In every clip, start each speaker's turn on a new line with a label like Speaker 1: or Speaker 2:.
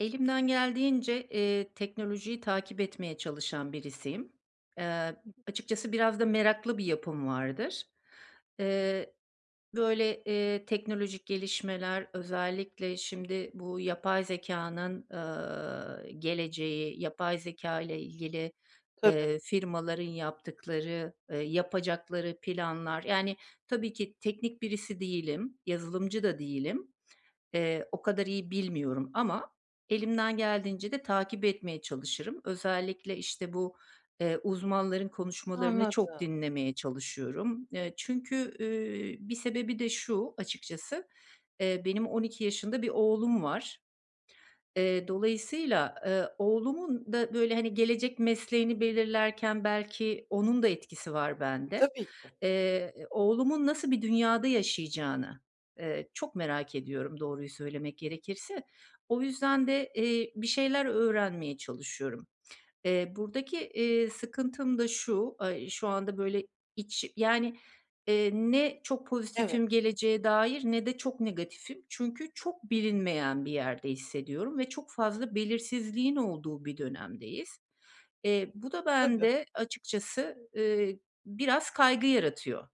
Speaker 1: Elimden geldiğince, eee, teknolojiyi takip etmeye çalışan birisiyim. Eee, açıkçası, biraz da meraklı bir yapım vardır. Eee, böyle, eee, teknolojik gelişmeler, özellikle şimdi bu yapay zekânın, ııı, geleceği, yapay zekâyla ilgili,
Speaker 2: Tabii.
Speaker 1: ııı, firmaların yaptıkları, ııı, yapacakları planlar. Yani, tabii ki teknik birisi değilim. Yazılımcı da değilim. Eee, o kadar iyi bilmiyorum ama elimden geldiğince de takip etmeye çalışırım. Özellikle, işte, bu, eee, uzmanların konuşmalarını çok
Speaker 2: Anladım.
Speaker 1: dinlemeye çalışıyorum. Eee, çünkü, ııı, bir sebebi de şu açıkçası, eee, benim 12 yaşında bir oğlum var. Eee, dolayısıyla, ııı, oğlumun da, böyle, hani, gelecek mesleğini belirlerken belki onun da etkisi var bende.
Speaker 2: Tabii ki.
Speaker 1: Eee, oğlumun nasıl bir dünyada yaşayacağını, ııı, çok merak ediyorum, doğruyu söylemek gerekirse. O yüzden de, eee, bir şeyler öğrenmeye çalışıyorum. Eee, buradaki, eee, sıkıntım da şu, aaa, şu anda, böyle, iç yani, eee, ne çok
Speaker 2: Evet.
Speaker 1: pozitifim geleceğe dair ne de çok negatifim. Çünkü çok bilinmeyen bir yerde hissediyorum ve çok fazla belirsizliğin olduğu bir dönemdeyiz. Eee, bu da
Speaker 2: Tabii.
Speaker 1: bende açıkçası, ııı, biraz kaygı yaratıyor.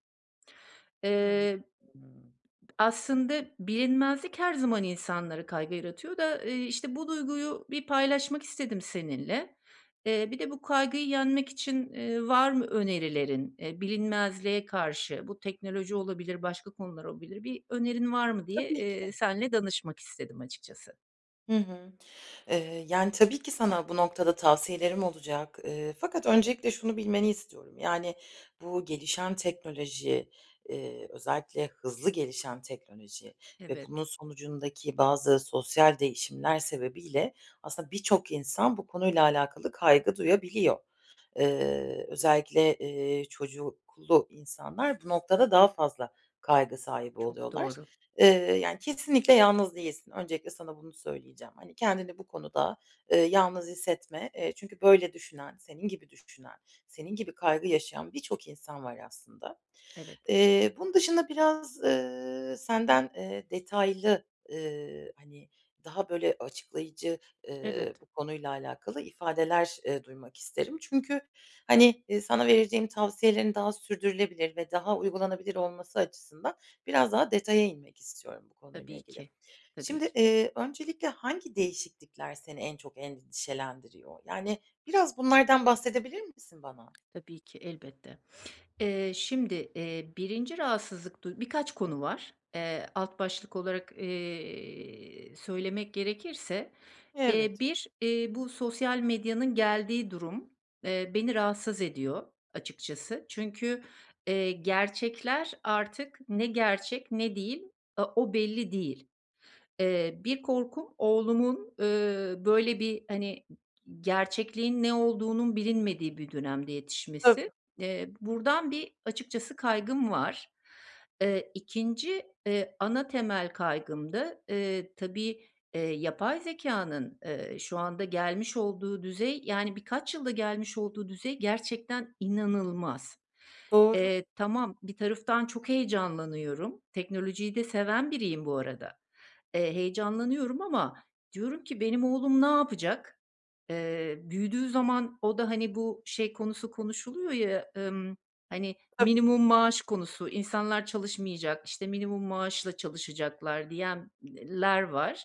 Speaker 2: Hı
Speaker 1: Eee,
Speaker 2: hı.
Speaker 1: aslında, bilinmezlik her zaman insanları kaygı yaratıyor da, ııı, işte, bu duyguyu bir paylaşmak istedim seninle. Eee, bir de bu kaygıyı yenmek için, ııı, var mı önerilerin, eee, bilinmezliğe karşı? Bu teknoloji olabilir, başka konular olabilir. Bir önerin var mı diye,
Speaker 2: Tabii ki.
Speaker 1: eee, seninle danışmak istedim açıkçası.
Speaker 2: Hı hı. Eee, yani, tabii ki sana bu noktada tavsiyelerim olacak, eee, fakat öncelikle şunu bilmeni istiyorum. Yani, bu gelişen teknoloji, eee, özellikle hızlı gelişen teknoloji ve bunun
Speaker 1: Evet.
Speaker 2: sonucundaki bazı sosyal değişimler sebebiyle aslında birçok insan bu konuyla alakalı kaygı duyabiliyor. Eee, özellikle, eee, çocuklu insanlar bu noktada daha fazla kaygı sahibi
Speaker 1: Çok
Speaker 2: oluyorlar.
Speaker 1: doğru.
Speaker 2: Eee, yani, kesinlikle yalnız değilsin. Öncelikle sana bunu söyleyeceğim. Hani, kendini bu konuda, ııı, yalnız hissetme. Eee, çünkü, böyle, düşünen, senin gibi düşünen, senin gibi kaygı yaşayan birçok insan var aslında.
Speaker 1: Evet.
Speaker 2: Eee, bunun dışında biraz, eee, senden, eee, detaylı, eee, hani, daha, böyle, açıklayıcı, eee,
Speaker 1: Evet.
Speaker 2: bu konuyla alakalı ifadeler, eee, duymak isterim. Çünkü, hani, eee, sana vereceğim tavsiyelerin daha sürdürülebilir ve daha uygulanabilir olması açısından biraz daha detaya inmek istiyorum bu konuyla
Speaker 1: Tabii
Speaker 2: ilgili.
Speaker 1: ki, tabii
Speaker 2: Şimdi,
Speaker 1: ki.
Speaker 2: iii, öncelikle hangi değişiklikler seni en çok endişelendiriyor? Yani, biraz bunlardan bahsedebilir misin bana?
Speaker 1: Tabii ki elbette. Eee, şimdi, eee, 1’inci rahatsızlık du Birkaç konu var. Eee, alt başlık olarak, eee, söylemek gerekirse. Eee,
Speaker 2: Evet.
Speaker 1: 1, eee, bu sosyal medyanın geldiği durum, eee, beni rahatsız ediyor açıkçası. Çünkü, eee, gerçekler artık ne gerçek ne değil, a o belli değil. Eee, bir korkum oğlumun, eee, böyle, bir, hani, gerçekliğin ne olduğunun bilinmediği bir dönemde yetişmesi.
Speaker 2: Tabii.
Speaker 1: Eee, buradan bir açıkçası kaygım var. Eee, 2’nci, eee, ana temel kaygım da, eee, tabii, eee, yapay zekânın, eee, şu anda gelmiş olduğu düzey yani, birkaç yılda gelmiş olduğu düzey gerçekten inanılmaz.
Speaker 2: Doğru.
Speaker 1: Eee, tamam, bir taraftan çok heyecanlanıyorum. Teknolojiyi de seven biriyim bu arada. Eee, heyecanlanıyorum ama diyorum ki, "Benim oğlum ne yapacak?" Eee, büyüdüğü zaman o da, hani, bu şey konusu konuşuluyor ya, ımm, hani,
Speaker 2: Tabii.
Speaker 1: minimum maaş konusu, insanlar çalışmayacak, işte, minimum maaşla çalışacaklar diyen eee, ler var.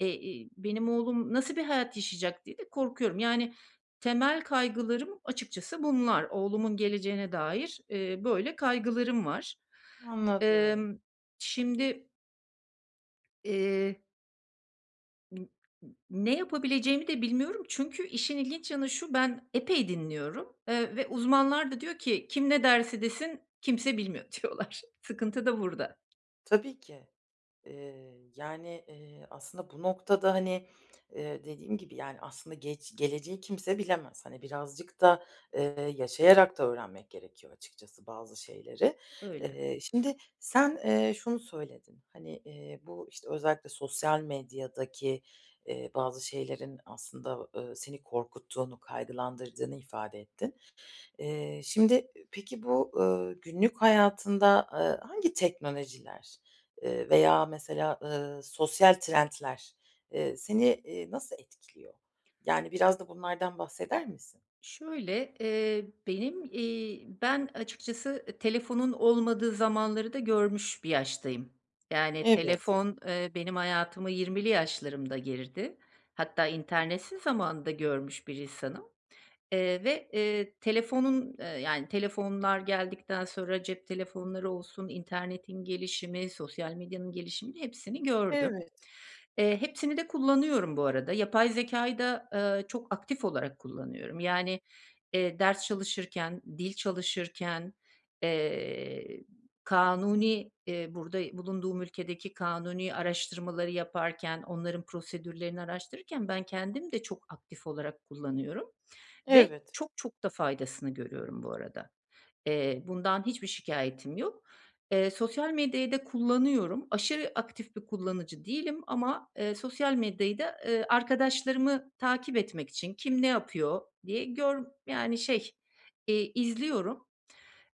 Speaker 1: Eee, iii, benim oğlum nasıl bir hayat yaşayacak diye de korkuyorum. Yani, temel kaygılarım açıkçası bunlar. Oğlumun geleceğine dair, eee, böyle, kaygılarım var.
Speaker 2: Anladım.
Speaker 1: Emm, şimdi Eee [unintelligible] Ne yapabileceğimi de bilmiyorum. Çünkü işin ilginç yanı şu, ben epey dinliyorum. Eee, ve uzmanlar da diyor ki, "Kim ne derse desin, kimse bilmiyor." diyorlar. Sıkıntı da burada.
Speaker 2: Tabii ki. Eee, yani, eee, aslında bu noktada, hani, eee, dediğim gibi, yani, aslında gec geleceği kimse bilemez. Hani, birazcık da, eee, yaşayarak da öğrenmek gerekiyor açıkçası bazı şeyleri.
Speaker 1: Öyle.
Speaker 2: Eee, şimdi sen, eee, şunu söyledin. Hani, eee, bu, işte, özellikle sosyal medyadaki, eee, bazı şeylerin aslında, ııı, seni korkuttuğunu, kaygılandırdığını ifade ettin. Eee, şimdi, peki, bu, ııı, günlük hayatında, eee, hangi teknolojiler, ııı, veya mesela, ııı, sosyal trendler, ııı, seni, ııı, nasıl etkiliyor? Yani, biraz da bunlardan bahseder misin?
Speaker 1: Şöyle, eee, benim, iii, ben açıkçası, eee, telefonun olmadığı zamanları da görmüş bir yaştayım. Yani,
Speaker 2: Evet.
Speaker 1: telefon, eee, benim hayatıma 20’li yaşlarımda girdi. Hatta internetsiz zamanı da görmüş bir insanım. Eee, ve, eee, telefonun eee, yani, telefonlar geldikten sonra, cep telefonları olsun, internetin gelişimi, sosyal medyanın gelişimini, hepsini gördüm.
Speaker 2: Evet.
Speaker 1: Eee, hepsini de kullanıyorum bu arada. Yapay zekâyı da, ııı, çok aktif olarak kullanıyorum. Yani, eee, ders çalışırken, dil çalışırken, eee, kanuni eee, burada bulunduğum ülkedeki kanuni araştırmaları, araştırmaları yaparken, onların prosedürlerini araştırırken ben kendim de çok aktif olarak kullanıyorum ve
Speaker 2: Evet.
Speaker 1: çok çok da faydasını görüyorum bu arada. Eee, bundan hiçbir şikâyetim yok. Eee, sosyal medyayı da kullanıyorum. Aşırı aktif bir kullanıcı değilim ama, eee, sosyal medyayı da, ııı, arkadaşlarımı takip etmek için, kim ne yapıyor diye gör yani, şey, eee, izliyorum.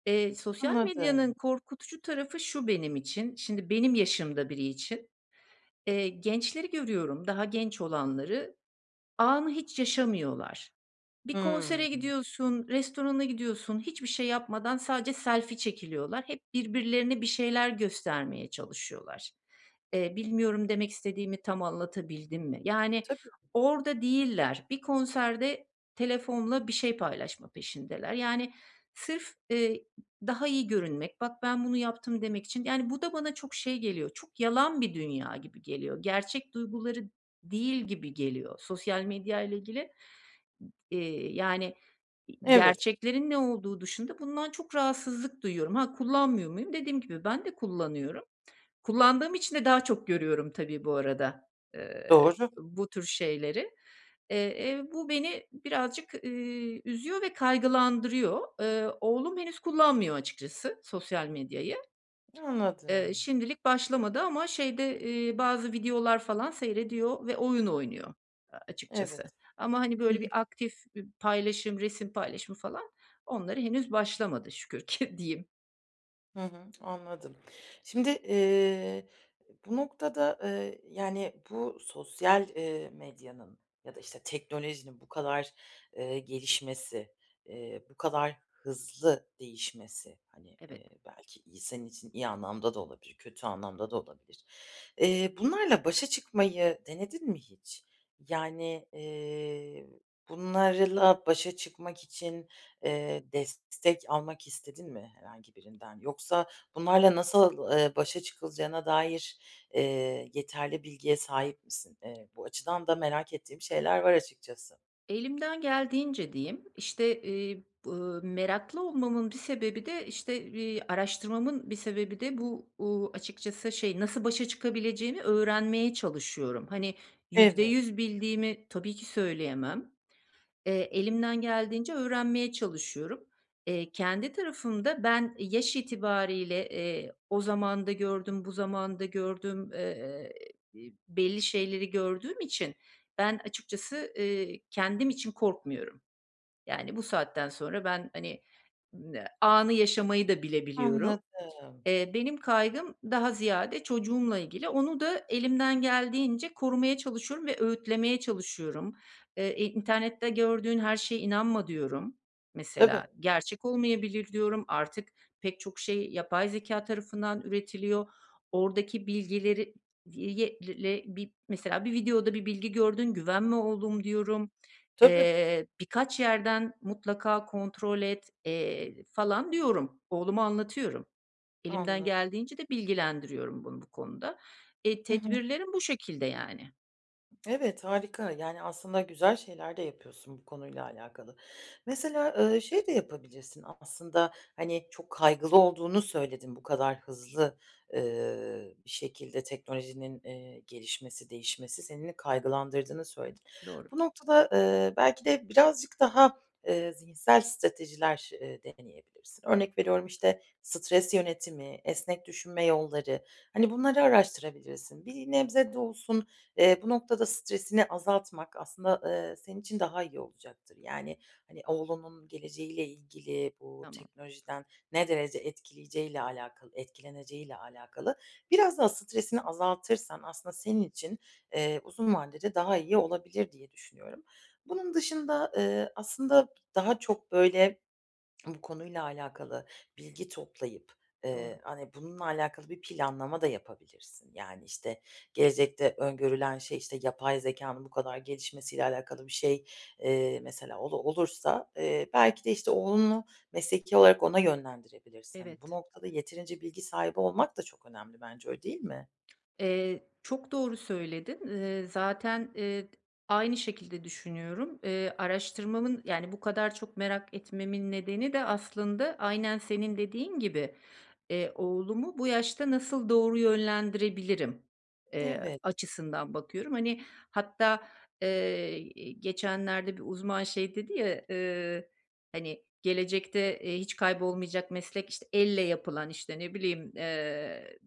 Speaker 1: Eee, sosyal medyanın
Speaker 2: Anladım.
Speaker 1: korkutucu tarafı şu benim için. Şimdi benim yaşımda biri için. Eee, gençleri görüyorum, daha genç olanları. Anı hiç yaşamıyorlar. Bir konsere
Speaker 2: Hımm.
Speaker 1: gidiyorsun, restorana gidiyorsun, hiçbir şey yapmadan sadece selfie çekiliyorlar. Hep birbirlerine bir şeyler göstermeye çalışıyorlar. Eee, bilmiyorum, demek istediğimi tam anlatabildim mi? Yani,
Speaker 2: Tabii ki.
Speaker 1: orada değiller. Bir konserde telefonla bir şey paylaşma peşindeler. Yani, sırf, ııı, daha iyi görünmek, "Bak ben bunu yaptım." demek için, yani, bu da bana çok, şey, geliyor, çok yalan bir dünya gibi geliyor. Gerçek duyguları değil gibi geliyor sosyal medyayla ilgili. Eee, yani,
Speaker 2: Evet.
Speaker 1: gerçeklerin ne olduğu dışında bundan çok rahatsızlık duyuyorum. Ha, kullanmıyor muyum? Dediğim gibi, ben de kullanıyorum. Kullandığım için de daha çok görüyorum tabii bu arada, eee,
Speaker 2: Doğru.
Speaker 1: bu tür şeyleri. Eee, eee, bu beni birazcık, ııı, üzüyor ve kaygılandırıyor. Eee, oğlum henüz kullanmıyor açıkçası, sosyal medyayı. Iıı,
Speaker 2: Anladım.
Speaker 1: şimdilik başlamadı ama şeyde, ııı, bazı videolar falan seyrediyor ve oyun oynuyor açıkçası.
Speaker 2: Evet,
Speaker 1: Ama, hani,
Speaker 2: hı hı.
Speaker 1: böyle bir aktif bir paylaşım, resim paylaşımı falan, onlara henüz başlamadı şükür ki diyeyim.
Speaker 2: Hı hı. Anladım. Şimdi, ııı, bu noktada, eee, yani, bu sosyal, eee, medyanın ya da, işte, teknolojinin bu kadar, ııı, gelişmesi, eee, bu kadar hızlı değişmesi, hani,
Speaker 1: Evet.
Speaker 2: eee, belki iyi senin için, iyi anlamda da olabilir, kötü anlamda da olabilir. Eee, bunlarla başa çıkmayı denedin mi hiç? Yani, eee, bunlarla başa çıkmak için, eee, destek almak istedin mi herhangi birinden? Yoksa bunlarla nasıl, ııı, başa çıkılacağına dair, eee, yeterli bilgiye sahip misin? Eee, bu açıdan da merak ettiğim şeyler var açıkçası.
Speaker 1: Elimden geldiğince diyeyim. İşte, iii, bı meraklı olmamın bir sebebi de, işte, iii, araştırmamın bir sebebi de bu, uuu, açıkçası, şey, nasıl başa çıkabileceğini öğrenmeye çalışıyorum. Hani, yüzde
Speaker 2: Evet.
Speaker 1: yüz bildiğimi tabii ki söyleyemem. Eee, elimden geldiğince öğrenmeye çalışıyorum. Eee, kendi tarafımda ben yaş itibarıyla, eee, o zamanı da gördüm, bu zamanı da gördüm. Eee, belli şeyleri gördüğüm için ben açıkçası, ııı, kendim için korkmuyorum. Yani, bu saatten sonra ben, hani, anı yaşamayı da bilebiliyorum.
Speaker 2: Anladım.
Speaker 1: Eee, benim kaygım daha ziyade çocuğumla ilgili. Onu da elimden geldiğince korumaya çalışıyorum ve öğütlemeye çalışıyorum. Eee, e, "İnternette gördüğün her şeye inanma." diyorum,
Speaker 2: Tabii.
Speaker 1: mesela. "Gerçek olmayabilir." diyorum. Artık pek çok şey yapay zekâ tarafından üretiliyor. Oradaki bilgileri, [unintelligible] mesela, "Bir videoda bir bilgi gördün, güvenme oğlum." diyorum.
Speaker 2: Tabii.
Speaker 1: Eee, "Birkaç yerden mutlaka kontrol et." eee, falan diyorum. Oğluma anlatıyorum. Elimden
Speaker 2: Anladım.
Speaker 1: geldiğince de bilgilendiriyorum bunu bu konuda. Eee,
Speaker 2: Hı hı.
Speaker 1: tedbirlerim bu şekilde, yani.
Speaker 2: Evet, harika. Yani, aslında güzel şeyler de yapıyorsun bu konuyla alakalı. Mesela, ııı, şey de yapabilirsin, aslında, hani, çok kaygılı olduğunu söyledin. Bu kadar hızlı, ııı, bir şekilde teknolojinin, eee, gelişmesi, değişmesi, seni de kaygılandırdığını söyledin.
Speaker 1: Doğru.
Speaker 2: Bu noktada, ııı, belki de birazcık daha, ııı, zihinsel stratejiler, ııı, deneyebilirsin. Örnek veriyorum, işte, stres yönetimi, esnek düşünme yolları, hani, bunları araştırabilirsin. Bir nebze de olsun, eee, bu noktada stresini azaltmak aslında, eee, senin için daha iyi olacaktır. Yani, hani, oğlunun geleceğiyle ilgili bu
Speaker 1: Tamam.
Speaker 2: teknolojiden ne derece etkileyeceğiyle alakalı etkileneceğiyle alakalı biraz daha stresini azaltırsan aslında senin için, eee, uzun vadede daha iyi olabilir diye düşünüyorum. Bunun dışında, eee, aslında daha çok, böyle, bu konuyla alakalı bilgi toplayıp,
Speaker 1: Doğru.
Speaker 2: eee, hani, bununla alakalı bir planlama da yapabilirsin. Yani, işte, gelecekte öngörülen şey, işte, yapay zekânın bu kadar gelişmesiyle alakalı bir şey, eee, mesela olur olursa, eee, belki de, işte, oğlunu mesleki olarak ona yönlendirebilirsin. Hani, bu
Speaker 1: Evet.
Speaker 2: noktada yeterince bilgi sahibi olmak da çok önemli bence, öyle değil mi?
Speaker 1: Eee, çok doğru söyledin. Eee, zaten, eee, d aynı şekilde düşünüyorum. Eee, araştırmamın, yani, bu kadar çok merak etmemin nedeni de aslında aynen senin dediğin gibi, eee, oğlumu bu yaşta nasıl doğru yönlendirebilirim, eee,
Speaker 2: Evet.
Speaker 1: açısından bakıyorum. Hani, hatta, eee, iii, geçenlerde bir uzman şey dedi ya, eee, hani, "Gelecekte, eee, hiç kaybolmayacak meslek, işte, elle yapılan, işte, ne bileyim, eee,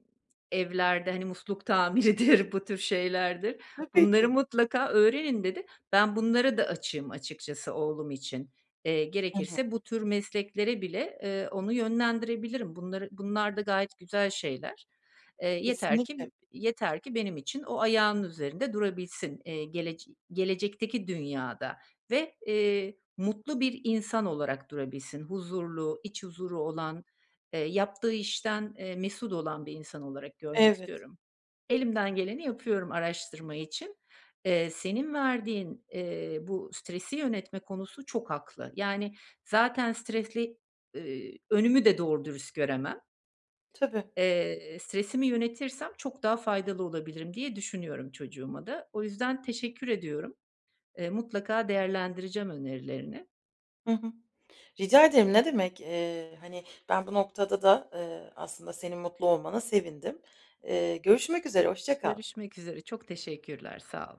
Speaker 1: evlerde, hani, musluk tamiridir, bu tür şeylerdir.
Speaker 2: Tabii
Speaker 1: Bunları
Speaker 2: ki.
Speaker 1: mutlaka öğrenin." dedi. Ben, bunlara da açığım açıkçası oğlum için. Eee,
Speaker 2: Hı hı.
Speaker 1: gerekirse bu tür mesleklere bile, ııı, onu yönlendirebilirim. Bunları bunlar da gayet güzel şeyler. Eee, yeter ki
Speaker 2: Kesinlikle.
Speaker 1: bi yeter ki benim için o ayağının üzerinde durabilsin, eee, gelec gelecekteki dünyada. Ve, eee, mutlu bir insan olarak durabilsin. Huzurlu, iç huzuru olan, eee, yaptığı işten, eee, mesut olan bir insan olarak görmek
Speaker 2: Evet.
Speaker 1: istiyorum. Elimden geleni yapıyorum araştırma için. Eee, senin verdiğin, eee, bu stresi yönetme konusu çok haklı. Yani, zaten stresli, ııı, önümü de doğru dürüst göremem.
Speaker 2: Tabii.
Speaker 1: Eee, stresimi yönetirsem çok daha faydalı olabilirim diye düşünüyorum çocuğuma da. O yüzden teşekkür ediyorum. Eee, mutlaka değerlendireceğim önerilerini.
Speaker 2: Hı hı. Rica ederim ne demek, eee, hani, ben bu noktada da, eee, aslında senin mutlu olmana sevindim. Eee, görüşmek üzere, hoşça kal.
Speaker 1: Görüşmek üzere. Çok teşekkürler. Sağ ol.